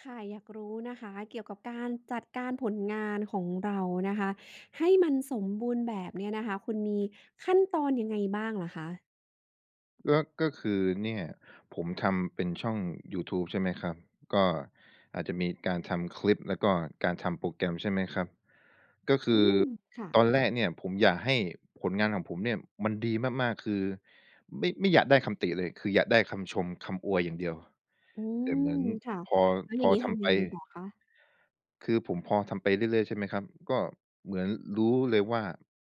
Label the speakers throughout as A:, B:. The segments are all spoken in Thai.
A: ค่ะ อยากรู้นะคะ เกี่ยวกับการจัดการผลงานของเรานะคะ ให้มันสมบูรณ์แบบเนี่ยนะคะ คุณมีขั้นตอนยังไงบ้างเหรอคะ?
B: ก็ ก็คือเนี่ยผมทำเป็นช่องยูทูบ ใช่ไหมครับ ก็อาจจะมีการทำคลิป แล้วก็การทำโปรแกรม ใช่ไหมครับ ก็ค
A: อื
B: ือ
A: ม ค่
B: ต
A: ะ
B: อนแรกเนี่ยผมอยากให้ผลงานของผมเนี่ย มันดีมาก ๆ คือไม่ ไม่อยากได้คำติเลย คืออยากได้คำชม คำอวยอย่างเดียว
A: อื
B: แต่เห
A: ม
B: มือน
A: ค่ะ
B: พอ
A: แล้ว
B: พ
A: อย่า
B: อ
A: งนี้
B: ท
A: ท
B: ำ
A: ำ
B: ไ
A: ยั
B: ป
A: งไงต่อคะ?
B: คือผมพอทำไปเรื่อย ๆ ใช่ไหมครับ ก็เหมือนรู้เลยว่า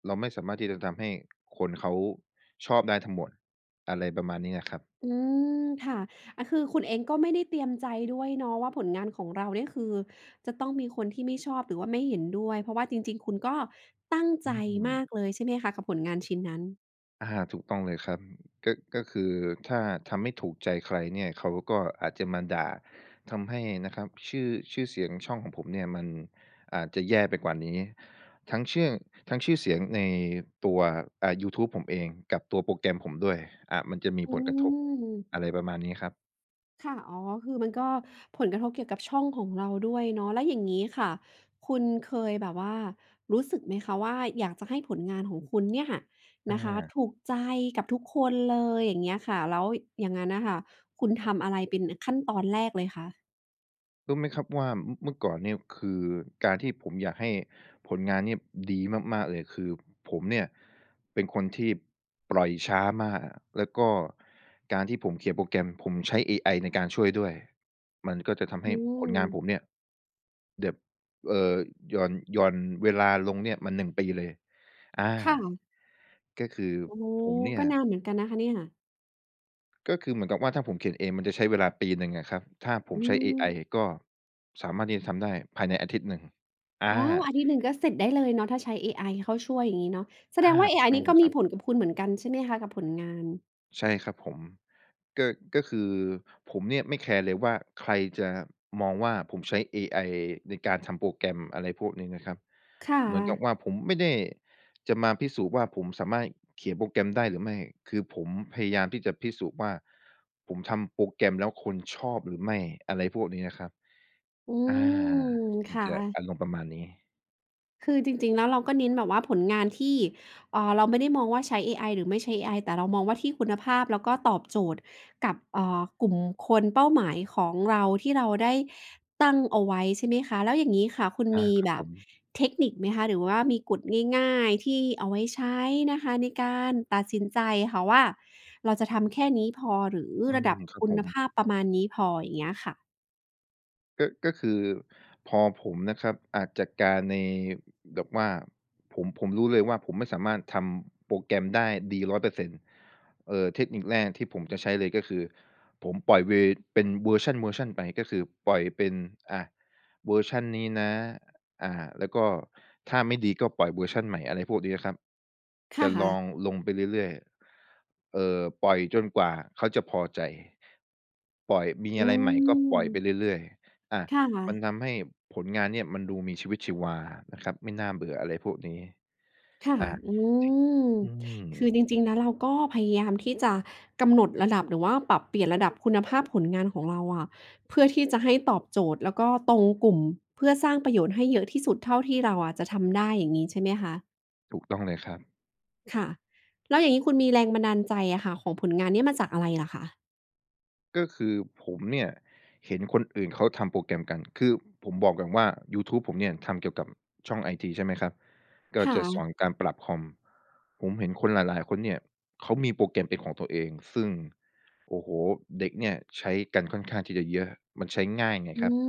B: เราไม่สามารถที่จะทำให้คนเขาชอบได้ทั้งหมด อะไรประมาณนี้อะครับ
A: เออ ค่ะ อะคือคุณเองก็ไม่ได้เตรียมใจด้วยเนาะว่า ผลงานของเราเนี่ยคือจะต้องมีคนที่ไม่ชอบ หรือว่าไม่เห็นด้วย เพราะว่าจริง ๆ คุณก็ตั้ง
B: อ
A: ใจ
B: ื
A: มา
B: ม
A: กเลย ใช่ไหมคะ กับผลงานชิ้นนั้น?
B: อา ถูกต้องเลยครับ ก็ ก็คือถ้าทำไม่ถูกใจใครเนี่ย เขาก็อาจจะมาด่า ทำให้นะครับ ชื่อ ชื่อเสียงช่องของผมเนี่ยมันอาจจะแย่ไปกว่านี้ ทั้งเชื่อง ทั้งชื่อเสียงในตัว อ่า ยูทบผมเองกับตัวโปรแกรมผมด้วย อ่า มันจะมี
A: อื
B: ผลกระทบ
A: ม
B: อะไรประมาณนี้ครับ
A: ค่ะ อ๋อ คือมันก็ผลกระทบเกี่ยวกับช่องของเราด้วยเนาะ แล้วอย่างงี้ค่ะ คุณเคยแบบว่ารู้สึกไหมคะว่า อยากจะให้ผลงานของคุณเนี่ยค่ะ
B: อ
A: นะคะ
B: า
A: ถูกใจกับทุกคนเลย อย่างเงี้ยค่ะ แล้วอย่างงั้นน่ะค่ะ คุณทำอะไรเป็น อ ขั้นตอนแรกเลยคะ?
B: รู้ไหมครับว่า อ เมื่อก่อนเนี่ย คือการที่ผมอยากให้ผลงานเนี่ยดีมาก ๆ เลย คือผมเนี่ย เป็นคนที่ปล่อยช้ามาก แล้วก็การที่ผมเขียนโปรแกรม ผมใช้เอไอในการช่วยด้วย มันก็จะทำ
A: อ
B: ให
A: ื
B: ้ผลงาน
A: ม
B: ผมเนี่ย แบบ เอ่อ หย่อน หย่อนเวลาลงเนี่ยมา 1 ปีเลย อา
A: ค่ะ
B: ก็คือ
A: โอ้โฮ!
B: ผมเนี่
A: ก็
B: ย
A: นานเหมือนกันนะคะเนี่ย
B: ก็คือเหมือนกับว่า ถ้าผมเขียนเองมันจะใช้เวลาปีหนึ่งอะครับ ถ้าผ
A: อื
B: มใช้เอไอ
A: ม
B: ก็สามารถที่จะทำได้ภายในอาทิตย์หนึ่ง อ
A: อ๋อ อ
B: า
A: าทิตย์หนึ่งก็เสร็จได้เลยเนาะ ถ้าใช้เอไอเข้าช่วยอย่างงี้เนาะ แส
B: อา
A: ดงว่าเอไอ
B: ใช
A: น
B: ่
A: ี่
B: เ
A: ก
B: ล
A: ็
B: ย
A: ม
B: ค
A: ี
B: รับ
A: ผลกับคุณเหมือนกันใช่ไหมคะ? กับผลงาน
B: ใช่ครับผม ก็ ก็คือผมเนี่ยไม่แคร์เลยว่า ใครจะมองว่าผมใช้เอไอในการทำโปรแกรม อะไรพวกนี้นะครับ
A: ค่
B: เหมือนกับ
A: ะ
B: ว่า ผมไม่ได้จะมาพิสูจน์ว่า ผมสามารถเขียนโปรแกรมได้หรือไม่ คือผมพยายามที่จะพิสูจน์ว่า ผมทำโปรแกรมแล้วคนชอบหรือไม่ อะไรพวกนี้นะครับ
A: อื
B: อา
A: ม
B: ม
A: ค
B: ัน
A: ่
B: จะ
A: ะ
B: อารมณ์ประมาณนี้
A: คือจริง ๆ แล้วเราก็เน้นแบบว่า ผลงานที่ เอ่อ เราไม่ได้มองว่า ใช้ AI หรือไม่ใช้ AI แต่เรามองว่าที่คุณภาพ แล้วก็ตอบโจทย์กับ เอ่อ กลุ่มคนเป้าหมายของเรา ที่เราได้ตั้งเอาไว้ ใช่ไหมคะ? แล้วอย่างงี้ค่ะ คุณ
B: อ
A: ม
B: า
A: ี
B: ครั
A: แ
B: บ
A: บ
B: ผ
A: บ
B: ม
A: เทคนิคไหมคะ? หรือว่ามีกฎง่าย ๆ ที่เอาไว้ใช้นะคะในการตัดสินใจค่ะว่า เราจะทำแค่นี้พอ หรือ
B: อื
A: ระดั
B: ม
A: บ
B: ครั
A: ค
B: บ
A: ุ
B: ผ
A: ณ
B: ม
A: ภาพประมาณนี้พอ อย่างเงี้ยค่ะ?
B: ก็ ก็คือ พอผมนะครับ อ่า จัดการใน แบบว่า ผม ผมรู้เลยว่า ผมไม่สามารถทำโปรแกรมได้ดี 100 เปอร์เซ็นต์ เอ่อ เทคนิคแรกที่ผมจะใช้เลยก็คือ ผมปล่อยเว เป็นเวอร์ชัน ๆ ไป ก็คือปล่อยเป็น อะ เวอร์ชันนี้นะ อ่า แล้วก็ถ้าไม่ดี ก็ปล่อยเวอร์ชันใหม่ อะไรพวกเนี้ยครับ
A: ค
B: จะ
A: ่
B: ล
A: ะ
B: องลงไปเรื่อย ๆ เอ่อ ปล่อยจนกว่าเขาจะพอใจ ปล่อย มี
A: อ
B: อ
A: ื
B: ะไรใหม่ก็ปล่อยไป
A: ม
B: เรื่อย ๆ อะ
A: ค่
B: มัน
A: ะ
B: ทำให้ผลงานเนี่ยมันดูมีชีวิตชีวานะครับ ไม่น่าเบื่ออะไรพวกนี้
A: ค่ะ
B: อ่า
A: อืม
B: อืม
A: คือจริง ๆ แล้วเราก็พยายามที่จะกำหนดระดับ หรือว่าปรับเปลี่ยนระดับคุณภาพผลงานของเราอะ เพื่อที่จะให้ตอบโจทย์ แล้วก็ตรงกลุ่ม เพื่อสร้างประโยชน์ให้เยอะที่สุดเท่าที่เราอะจะทำได้ อย่างงี้ใช่ไหมคะ?
B: ถูกต้องเลยครับ
A: ค่ะ แล้วอย่างงี้คุณมีแรงบันดาลใจอะค่ะ ของผลงานเนี้ยมาจากอะไร อะคะ?
B: ก็คือผมเนี่ย เห็นคนอื่นเขาทำโปรแกรมกัน คือผมบอกก่อนว่า ยูทูบผมเนี่ยทำเกี่ยวกับช่องไอที ใช่ไหมครับ ก
A: ค
B: ็
A: ่
B: จะส
A: ะ
B: อนการปรับคอม ผมเห็นคนหลาย ๆ คนเนี่ยเขามีโปรแกรมเป็นของตัวเอง ซึ่ง โอ้โฮ! เด็กเนี่ยใช้กันค่อนข้างที่จะเยอะ มันใช้ง่ายไง
A: อื
B: ครับ
A: ม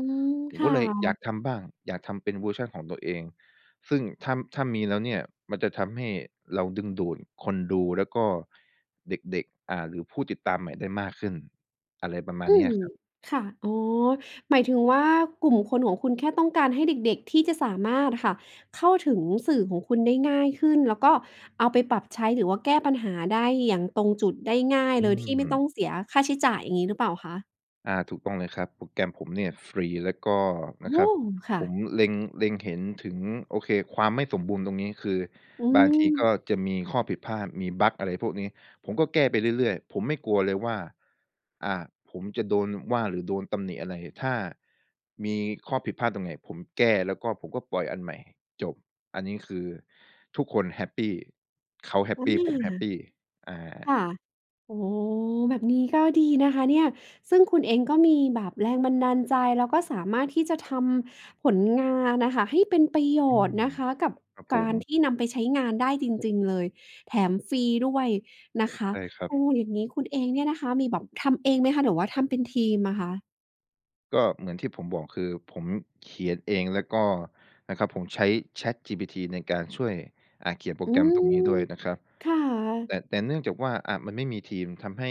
B: ผ
A: ค
B: มก
A: ่
B: ็เลยอย
A: ะ
B: ากทำบ้าง อยากทำเป็นเวอร์ชันของตัวเอง ซึ่งถ้า ถ้ามีแล้วเนี่ยมันจะทำให้เราดึงดูดคนดูแล้วก็เด็ก ๆ อ่า หรือผู้ติดตามใหม่ได้มากขึ้น อะไรประมา
A: อื
B: ณนี้อ
A: ม
B: ะครับ
A: ค่ะ อ๋อ หมายถึงว่า กลุ่มคนของคุณแค่ต้องการให้เด็ก ๆ ที่จะสามารถอะค่ะ เข้าถึงสื่อของคุณได้ง่ายขึ้น แล้วก็เอาไปปรับใช้หรือว่าแก้ปัญหาได้อย่างตรงจุดได้ง่าย
B: อื
A: โดยที่ไม่ต้อ
B: ม
A: งเสียค่าใช้จ่าย อย่างงี้หรือเปล่าคะ?
B: อา ถูกต้องเลยครับ โปรแกรมผมเนี่ยฟรี แล้วก็
A: โอ
B: นะค
A: ้
B: รับ
A: ค่
B: ผ
A: ะ
B: มเล็ง เล็ง เห็นถึง โอเคความไม่สมบูรณ์ตรงนี้ คือ
A: อื
B: บางทีก็
A: ม
B: จะมีข้อผิดพลาด มีบักอะไรพวกนี้ ผมก็แก้ไปเรื่อย ๆ ผมไม่กลัวเลยว่า อ่า ผมจะโดนว่าหรือโดนตำหนิอะไร ถ้ามีข้อผิดพลาดตรงไหน ผมแก้แล้วก็ผมก็ปล่อยอันใหม่ จบ อันนี้คือทุกคนแฮปปี เขาแฮ
A: อ
B: ป
A: า
B: ปี ผมแฮปปี อา
A: ค่ะ โอ้โฮ แบบนี้ก็ดีนะคะเนี่ย ซึ่งคุณเองก็มีแบบแรงบันดาลใจ แล้วก็สามารถที่จะทำผลงานน่ะค่ะ ให้เป็นประโย
B: อื
A: ชน์
B: ม
A: นะคะ กับ
B: ครับผ
A: การท
B: ม
A: ี่นำไปใช้งานได้จริง ๆ เลย แถมฟรีด้วยนะคะ
B: ใช่ครั
A: โอ้
B: บ
A: อย่างนี้คุณเองเนี่ยนะคะ มีแบบทำเองไหมคะ หรือว่าทำเป็นทีมอะคะ?
B: ก็เหมือนที่ผมบอก คือผมเขียนเองแล้วก็นะครับผมใช้ ChatGPT ในการช่วย อ่า เขียนโปร
A: อื
B: แกรม
A: ม
B: ตรงนี้ด้วยนะครับ
A: ค่
B: แต
A: ะ
B: ่ แต่เนื่องจากว่า อะ มันไม่มีทีม ทำให้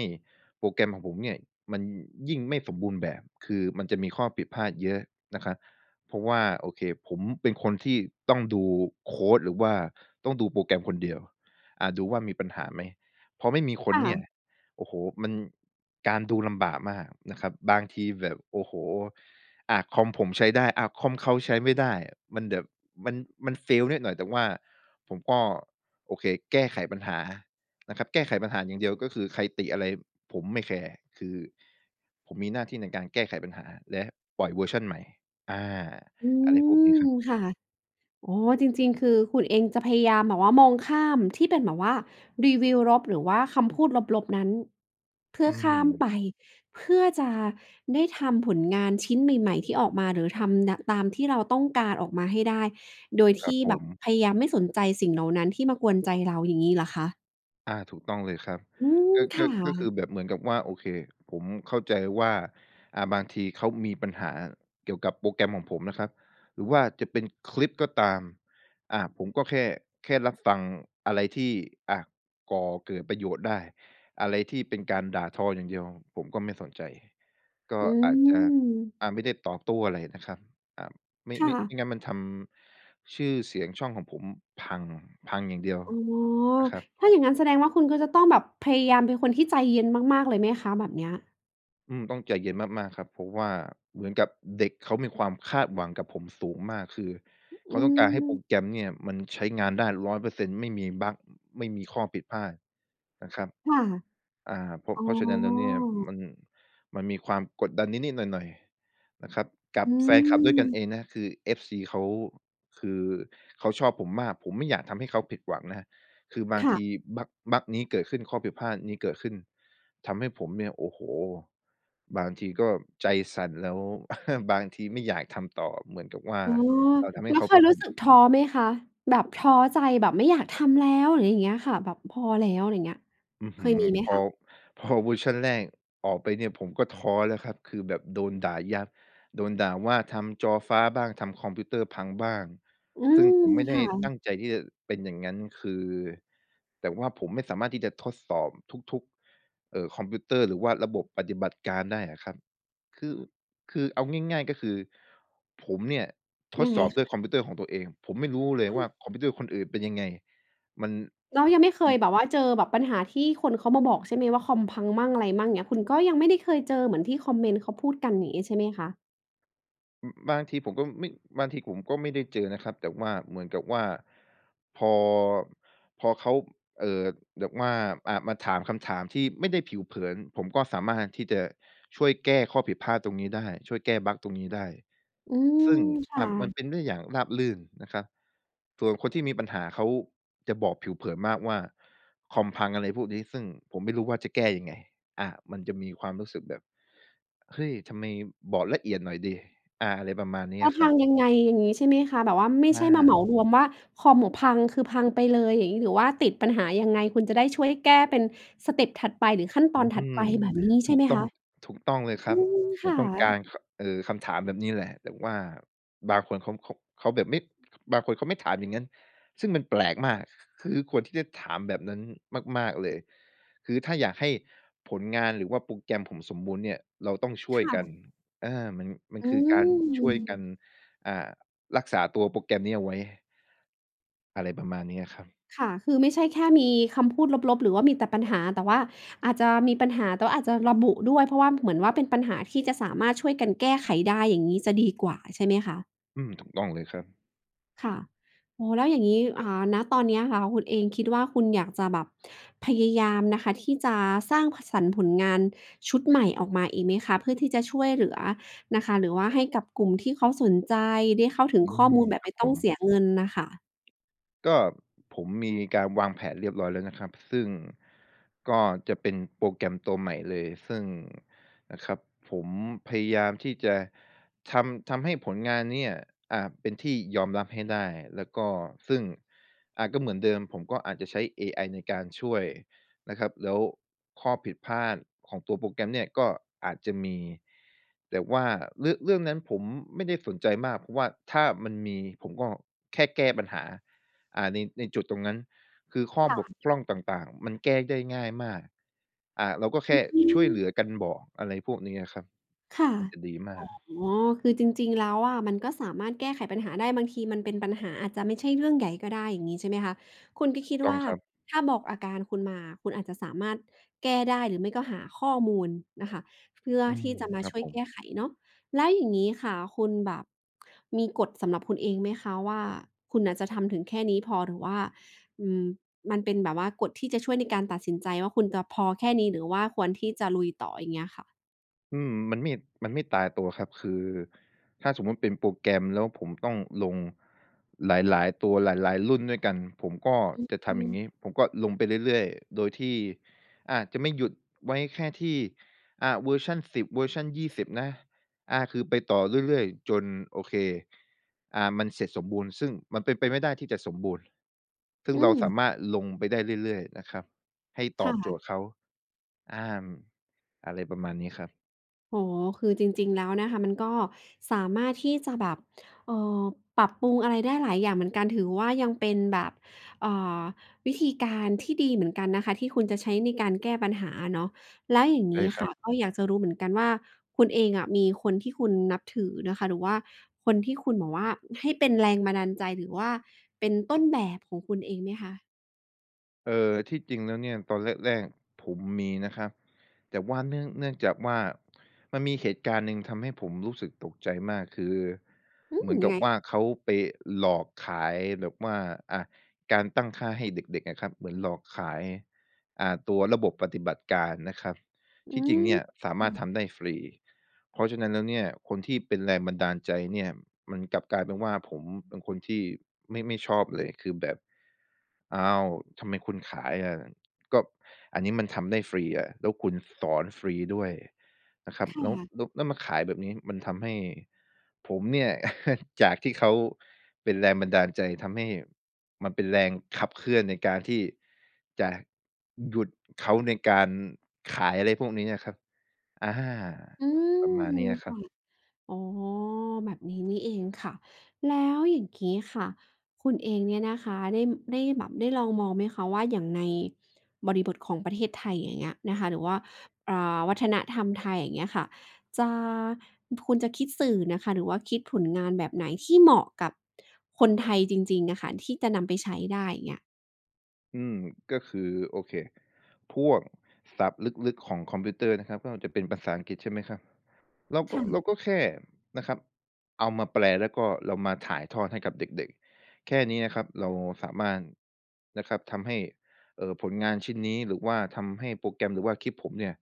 B: โปรแกรมของผมเนี่ยมันยิ่งไม่สมบูรณ์แบบ คือมันจะมีข้อผิดพลาดเยอะนะครับ เพราะว่า โอเค ผมเป็นคนที่ต้องดูโคดหรือว่าต้องดูโปรแกรมคนเดียว อา ดูว่า มีปัญหาไหม? พอไม่มีค
A: ค
B: น
A: ่
B: เนี่
A: ะ
B: ย โอ้โฮ มัน การดูลำบากมากนะครับ บางทีแบบ โอ้โฮ อะ คอมผมใช้ได้ อะ คอมเขาใช้ไม่ได้ มันแบบมัน มัน Fail นิดหน่อย แต่ว่าผมก็ โอเค แก้ไขปัญหานะครับ แก้ไขปัญหาอย่างเดียว ก็คือใครติอะไรผมไม่แคร์ คือผมมีหน้าที่ในการแก้ไขปัญหาและปล่อยเวอร์ชันใหม่ อา
A: อื
B: อะไรพวกนี้
A: ม
B: ครับ
A: ค่ะ อ๋อ จริง ๆ คือคุณเองจะพยายามแบบว่ามองข้ามที่เป็นแบบว่ารีวิวลบ หรือว่าคำพูดลบ ๆ นั้น เพื่
B: อ
A: อ
B: ื
A: ข้าม
B: ม
A: ไป เพื่อจะได้ทำผลงานชิ้นใหม่ ๆ ที่ออกมา หรือทำเนี่ยะ ตามที่เราต้องการออกมาให้ได้ โดย
B: ค
A: ท
B: รั
A: ี
B: บ
A: ่
B: ผ
A: แบบ
B: ม
A: พยายามไม่สนใจสิ่งเหล่านั้นที่มากวนใจเรา อย่างงี้เหรอคะ?
B: อา ถูกต้องเลยครับ
A: อืม
B: ก็
A: ค
B: ก
A: ่
B: ็ ก็คื
A: ะ
B: อแบบเหมือนกับว่า โอเค ผมเข้าใจว่า อ่า บางทีเขามีปัญหาเกี่ยวกับโปรแกรมของผมนะครับ หรือว่าจะเป็นคลิปก็ตาม อ่า ผมก็แค่ แค่รับฟังอะไรที่ อะ ก่อเกิดประโยชน์ได้ อะไรที่เป็นการด่าทออย่างเดียว ผมก็ไม่สนใจ ก็
A: อื
B: อาจจะ
A: ม
B: อา ไม่ได้ตอบโต้อะไรนะครับ อ่า ไม่
A: ค่
B: ไม่ ไ
A: ะ
B: ม่งั้นมันทำชื่อเสียงช่องของผมพัง พังอย่างเดียว
A: อ๋อ
B: นะครับ
A: ถ้าอย่างงั้นแสดงว่า คุณก็จะต้องแบบพยายามเป็นคนที่ใจเย็นมาก ๆ เลยไหมคะ แบบเนี้ย?
B: อืม ต้องใจเย็นมาก ๆ ครับ เพราะว่าเหมือนกับเด็กเขามีความคาดหวังกับผมสูงมาก คือ
A: อ
B: เข
A: ื
B: าต้องการให้โปร
A: ม
B: แกรมเนี่ย มันใช้งานได้ 100% ไม่มีบัก ไม่มีข้อผิดพลาดนะครับ
A: ค่ะ
B: อ่า เพราะ
A: อ๋
B: เพ
A: อ
B: ราะฉะนั้นแล้วเนี่ย มัน มันมีความกดดันนิด ๆ หน่อย ๆ นะครับ กั
A: อ
B: บ
A: ื
B: แฟนคลับด้วยกันเ
A: ม
B: องนะ คือ FC เขา คือเขาชอบผมมาก ผมไม่อยากทำให้เขาผิดหวังนะครับ คือบา
A: ค
B: ง
A: ่
B: ท
A: ะ
B: ีบัก บักนี้เกิดขึ้น ข้อผิดพลาดนี้เกิดขึ้น ทำให้ผมเนี่ย โอ้โฮ บางทีก็ใจสั่นแล้ว บางทีไม่อยากทำต่อเหมือนกับว่า
A: อ๋อ
B: เราทำให
A: แ
B: ้
A: ล้
B: เ
A: ว
B: ขา
A: เค
B: ผ
A: ย
B: ิด
A: รู้
B: ห
A: สึ
B: ว
A: ก
B: ัง
A: ท้อไหมคะ? แบบท้อใจ แบบไม่อยากทำแล้ว อะไรอย่างเงี้ยค่ะ แบบพอแล้ว อะไรเงี้ย
B: อื้อ
A: เค
B: ฮื
A: ย
B: อ
A: มีไหม
B: พ
A: ค
B: อ
A: ะ?
B: พอ เวอร์ชันแรกออกไปเนี่ย ผมก็ท้อแล้วครับ คือแบบโดนด่ายับ โดนด่าว่าทำจอฟ้าบ้าง ทำคอมพิวเตอร์พังบ้าง
A: อื
B: ซึ่ง
A: ม
B: ผมไม่
A: ค
B: ได้
A: ่
B: ต
A: ะ
B: ั้งใจที่จะเป็นอย่างงั้น คือ แต่ว่าผมไม่สามารถที่จะทดสอบทุก ๆ เอ่อ คอมพิวเตอร์ หรือว่าระบบปฏิบัติการได้อะครับ คือ คือเอาง่าย ๆ ก็คือ ผมเนี่ย ท
A: ยั
B: ด
A: งไ
B: ส
A: ง
B: อบ
A: ค
B: ด้วย
A: ะ?
B: คอมพิวเตอร์ของตัวเอง ผมไม่รู้เลย
A: อ
B: ว่า
A: า
B: คอมพิวเตอร์คนอื่นเป็นยังไง มัน
A: แล้วยังไม่เค
B: อื
A: ย
B: ม
A: แบบว่า เจอแบบปัญหาที่คนเขามาบอกใช่ไหมว่า คอมพังมั่งอะไรมั่ง เงี้ย คุณก็ยังไม่ได้เคยเจอเหมือนที่คอมเมนต์เขาพูดกัน อย่างนี้ใช่ไหมคะ?
B: อือ บางทีผมก็ อือ ไม่ บางทีผมก็ไม่ได้เจอนะครับ แต่ว่าเหมือนกับว่า พอ พอเขา เอ่อ แบบว่า อ่า มาถามคำถามที่ไม่ได้ผิวเผิน ผมก็สามารถที่จะช่วยแก้ข้อผิดพลาดตรงนี้ได้ ช่วยแก้บักตรงนี้ได้ ซ
A: อืม
B: ึ่ง
A: ค
B: อ
A: ่
B: ่า มั
A: ะ
B: นเป็นได้อย่างราบรื่นนะครับ ส่วนคนที่มีปัญหาเขาจะบอกผิวเผินมากว่า "คอมพัง" อะไรพวกนี้ ซึ่งผมไม่รู้ว่า จะแก้ยังไง อา มันจะมีความรู้สึกแบบ "เฮ้ย! ทำไม บอกละเอียดหน่อยสิ" อา อะไรประมาณนี้
A: ว่า
B: อะค
A: พ
B: รั
A: ั
B: บ
A: งยังไง? อย่างงี้ ใช่ไหมคะ? แบบว่าไม่
B: อ
A: ใช่มาเหม
B: า
A: ารวมว่า "คอมผมพัง" คือพังไปเลย อย่างงี้ หรือว่าติดปัญหายังไง? คุณจะได้ช่วยแก้เป็นสเต็ปถัดไปหรือขั้นต
B: อื
A: อนถัด
B: ม
A: ไป แบบนี้ใช
B: ถ
A: ่
B: ู
A: ไห
B: ก
A: ม
B: ต
A: ค
B: ้อง
A: ะ?
B: ถูกต้องเลยค
A: อ
B: ร
A: ื
B: ับ
A: ม
B: ผ
A: ค
B: ม
A: ่
B: ต้องกา
A: ะ
B: ร ค เอ่อ คำถามแบบนี้แหละ แต่ว่าบางคนเขา เขา เขาแบบไม่ บางคนเขาไม่ถามอย่างงั้น ซึ่งมันแปลกมาก ค ค คือควรที่จะถามแบบนั้นมาก ๆ เลย คือถ้าอยากให้ผลงานหรือว่าโปรแกรมผมสมบูรณ์เนี่ยเราต้องช่
A: ค
B: วย
A: ่
B: กัน
A: ะ
B: เออ มัน มัน
A: อื
B: คือการช่วยกั
A: ม
B: น อ่า รักษาตัวโปรแกรมนี้เอาไว้ อะไรประมาณนี้แหละครับ
A: ค่ะ คือไม่ใช่แค่มีคำพูดลบ ๆ หรือว่ามีแต่ปัญหา แต่ว่าอาจจะมีปัญหา แต่ว่าอาจจะระบุด้วย เพราะว่าเหมือนว่า เป็นปัญหาที่จะสามารถช่วยกันแก้ไขได้ อย่างงี้จะดีกว่า ใช่ไหมคะ?
B: อืม ถูกต้องเลยครับ
A: ค่ะ โอ้โฮ แล้วอย่างงี้ อ่า ณ ตอนเนี้ยค่ะคุณเองคิดว่า คุณอยากจะแบบพยายามนะคะ ที่จะสร้าง พ...สรรค์ผลงานชุดใหม่ออกมาอีกไหมคะ เพื่อที่จะช่วยเหลือนะคะ หรือว่าให้กับกลุ่มที่เขาสนใจ ได้เข้าถึ
B: อ
A: ง
B: ื
A: ข้อ
B: ม
A: มูลแบบ
B: คร
A: ไม
B: ับ
A: ่ต
B: ผ
A: ้องเส
B: ม
A: ียเงินน่ะค่ะ?
B: ก็ผมมีการวางแผนเรียบร้อยแล้วนะครับ ซึ่งก็จะเป็นโปรแกรมตัวใหม่เลย ซึ่งนะครับผมพยายามที่จะทำ ทำให้ผลงานเนี่ย อ่า เป็นที่ยอมรับให้ได้ แล้วก็ซึ่ง อ่า ก็เหมือนเดิม ผมก็อาจจะใช้เอไอในการช่วยนะครับ แล้วข้อผิดพลาดของตัวโปรแกรมเนี่ยก็อาจจะมี แต่ว่าเรือะ เรื่องนั้นผมไม่ได้สนใจมาก เพราะว่าถ้ามันมีผมก็แค่แก้ปัญหา อ่า ใน ในจุดตรงนั้น คือข
A: ค
B: ้อ
A: ่
B: บ
A: ะ
B: กพร่องต่าง ๆ มันแก้ได้ง่ายมาก อ่า เราก็แค
A: อ
B: ่
A: ื
B: ช่วยเห
A: อ
B: ลือกันบอก อะไรพวกนี้อะครับ
A: ค่ะ
B: มันจะดีมาก
A: อ๋อ คือจริง ๆ แล้วอะมันก็สามารถแก้ไขปัญหาได้ บางทีมันเป็นปัญหาอาจจะไม่ใช่เรื่องใหญ่ก็ได้ อย่างงี้ใช่ไหมคะ? คุณก็คิด
B: ถูกต
A: ว
B: ้อ
A: ่
B: ง
A: า
B: ครับ
A: ถ้าบอกอาการคุณมา คุณอาจจะสามารถแก้ได้ หรือไม่ก็หาข้อมูลน่ะค่ะ เพื่อ
B: อื
A: ท
B: ม
A: ี่จะมา
B: ครั
A: ช
B: บ
A: ่วย
B: ผ
A: แก
B: ม
A: ้ไขเนาะ แล้วอย่างงี้ค่ะ คุณแบบมีกฎสำหรับคุณเองไหมคะว่า คุณน่ะจะทำถึงแค่นี้พอ หรือว่า อืม มันเป็นแบบว่ากฎที่จะช่วยในการตัดสินใจว่า คุณจะพอแค่นี้ หรือว่าควรที่จะลุยต่อ อย่างเงี้ยค่ะ?
B: อืม มันไม่ มันไม่ตายตัวครับ คือถ้าสมมุติเป็นโปรแกรมแล้วผมต้องลงหลาย ๆ ตัว หลาย ๆ รุ่นด้วยกัน ผมก็
A: อือ
B: จะท
A: อื
B: ำอย่า
A: ม
B: งงี้ ผมก็ลงไปเรื่อย ๆ โดยที่ อ่า จะไม่หยุดไว้แค่ที่ อ่า เวอร์ชัน 10 เวอร์ชัน 20 นะ อ่า คือไปต่อเรื่อย ๆ จน โอเค อ่า มันเสร็จสมบูรณ์ ซึ่งมันเป็นไปไม่ได้ที่จะสมบูรณ์ ซึ่ง
A: อ
B: เราส
A: ืม
B: ามารถลงไปได้เรื่อย ๆ นะครับให้ต
A: ค
B: อ
A: ่
B: บโจ
A: ะ
B: ทย์เขา อา อะไรประมาณนี้ครับ
A: อ๋อ คือจริง ๆ แล้วนะคะมันก็สามารถที่จะแบบ เอ่อ ปรับปรุงอะไรได้หลายอย่างเหมือนกัน ถือว่า ยังเป็นแบบ เอ่อ วิธีการที่ดีเหมือนกันนะคะที่คุณจะใช้ในการแก้ปัญหาอะเนาะ แล้วอย่าง
B: ใ
A: ง
B: ช่
A: ี้
B: ค
A: ค
B: ร
A: ่
B: ั
A: ะ
B: บ
A: ก็อยากจะรู้เหมือนกันว่า คุณเองอะมีคนที่คุณนับถือนะคะ หรือว่าคนที่คุณแบบว่าให้เป็นแรงบันดาลใจ หรือว่าเป็นต้นแบบของคุณเองไหมคะ?
B: เออ ที่จริงแล้วเนี่ยตอนแรก ๆ ผมมีนะครับ แต่ว่าเนื่อง เนื่องจากว่า มันมีเหตุการณ์หนึ่งทำให้ผมรู้สึกตกใจมาก คือ
A: อื
B: เหม
A: ม
B: ือน
A: ย
B: ก
A: ั
B: ั
A: ง
B: บ
A: ไง
B: ว่า
A: คะ?
B: เขาไปหลอกขายแบบว่า อะ การตั้งค่าให้เด็ก ๆ อะครับ เหมือนหลอกขาย อ่า ตัวระบบปฏิบัติการนะครับ
A: อื
B: ที่จริงเนี่ยสามารถ
A: ม
B: ทำได้ฟรี เพราะฉะนั้นแล้วเนี่ย คนที่เป็นแรงบันดาลใจเนี่ยมันกลับกลายเป็นว่า ผม เป็นคนที่ไม่ ไม่ชอบเลย คือแบบ "อ้าว ทำไมคุณขายอะ? ก็อันนี้มันทำได้ฟรีอะ แล้วคุณสอนฟรีด้วยนะครับ
A: ค่
B: แล้ว
A: ะ
B: แล้ว แล้วมาขายแบบนี้" มันทำให้ผมเนี่ย จากที่เขาเป็นแรงบันดาลใจ ทำให้มันเป็นแรงขับเคลื่อนในการที่จะหยุดเขา ในการขายอะไรพวกนี้อะครับ อา
A: อื
B: ประมาณ
A: ม
B: นี้นะค
A: ค
B: รั
A: ่ะ
B: บ
A: อ๋อ แบบนี้นี่เองค่ะ แล้วอย่างงี้ค่ะ คุณเองเนี่ยนะคะได้ ได้แบบได้ลองมองไหมคะ? ว่า อย่างในบริบทของประเทศไทย อย่างเงี้ยนะคะ หรือว่า อ่า วัฒนธรรมไทย อย่างเงี้ยค่ะ จะ พ คุณจะคิดสื่อน่ะค่ะหรือว่าคิดผลงานแบบไหน? ที่เหมาะกับคนไทยจริง ๆ น่ะค่ะ ที่จะนำไปใช้ได้ อย่างเงี้ย
B: อืม ก็คือ โอเค พวกศัพท์ลึก ๆ ของคอมพิวเตอร์นะครับ ก็จะเป็นภาษาอังกฤษ ใช่ไหมครับ เรา
A: ค
B: ก็
A: ่
B: เรา
A: ะ
B: ก็แค่นะครับ เอามาแปล แล้วก็เรามาถ่ายทอดให้กับเด็ก ๆ แค่นี้นะครับ เราสามารถนะครับทำให้ เอ่อ ผลงานชิ้นนี้ หรือว่าทำให้โปรแกรม หรือว่าคลิปผมเนี่ย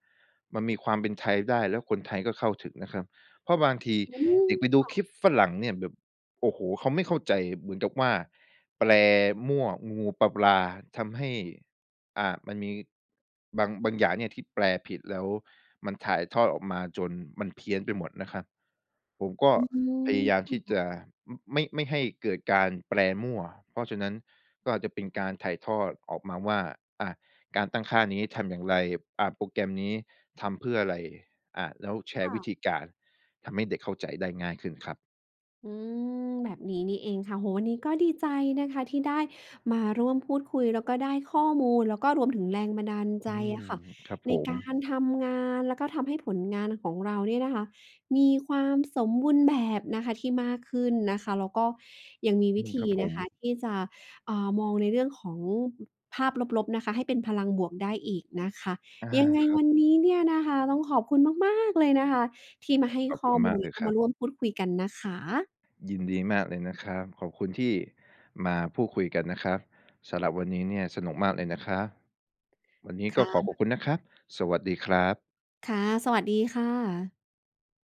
B: มันมีความเป็นไทยได้ แล้วคนไทยก็เข้าถึงนะครับ เพราะบางที
A: อืม
B: เด็กไปด
A: ค
B: ู
A: ่
B: ค
A: ะ
B: ลิปฝรั่งเนี่ยแบบ โอ้โฮ เขาไม่เข้าใจเหมือนกับว่า แปลมั่วงู ๆ ปลา ๆ ทำให้ อ่า มันมีบาง บางอย่างเนี่ยที่แปลผิดแล้ว มันถ่ายทอดออกมาจนมันเพี้ยนไปหมดนะครับ ผมก็
A: อืม
B: พยายาม
A: ค
B: ท
A: ่
B: ี่จ
A: ะ
B: ะ ม ไม่ ไม่ให้เกิดการแปลมั่ว เพราะฉะนั้นก็อาจจะเป็นการถ่ายทอดออกมาว่า อ่า การตั้งค่านี้ทำอย่างไร อะ โปรแกรมนี้ทำเพื่ออะไร อะ แล้วแช
A: ค
B: ร
A: ่
B: ์ว
A: ะ
B: ิธีการ ทำให้เด็กเข้าใจได้ง่ายขึ้นครับ
A: อืม แบบนี้นี่เองค่ะ โอ้โฮ อันนี้ก็ดีใจนะคะที่ได้มาร่วมพูดคุย แล้วก็ได้ข้อมูล แล้วก็รวมถึงแรงบันดาลใจ
B: อื
A: อ
B: ม
A: ะค่ะ
B: ครับ
A: ใน
B: ผ
A: ก
B: ม
A: ารทำงาน แล้วก็ทำให้ผลงานของเราเนี่ยนะคะ มีความสมบูรณ์แบบนะคะที่มากขึ้นนะคะ แล้วก็ยังมีว
B: อื
A: ิ
B: ม
A: ธ
B: ค
A: ี
B: รับผ
A: นะคะ
B: ม
A: ที่จะ อ่า มองในเรื่องของ ภาพลบ ๆ นะคะ ให้เป็นพลังบวกได้อีกนะคะ
B: อา
A: ยังไง
B: ครั
A: ว
B: บ
A: ันนี้เนี่ยนะคะ ต้องขอบคุณ มาก ๆ เลยนะคะ ที่มาให้
B: ขอบ
A: ข
B: ค
A: ้อ
B: ุณ
A: ม
B: ม
A: ู
B: า
A: ล
B: ก
A: แ
B: เ
A: ล
B: ล
A: ้ว
B: ย
A: ก็
B: คร
A: ม
B: ั
A: า
B: บ
A: ร่วมพูดคุยกันนะคะ
B: ยินดีมากเลยนะครับ ขอบคุณที่มาพูดคุยกันนะครับ สำหรับวันนี้เนี่ยสนุกมากเลยนะครับ วันนี้
A: ค
B: ก็
A: ่
B: ขอขอบ
A: ะ
B: คุณนะครับ สวัสดีครับ
A: ค่ะ สวัสดีค่ะ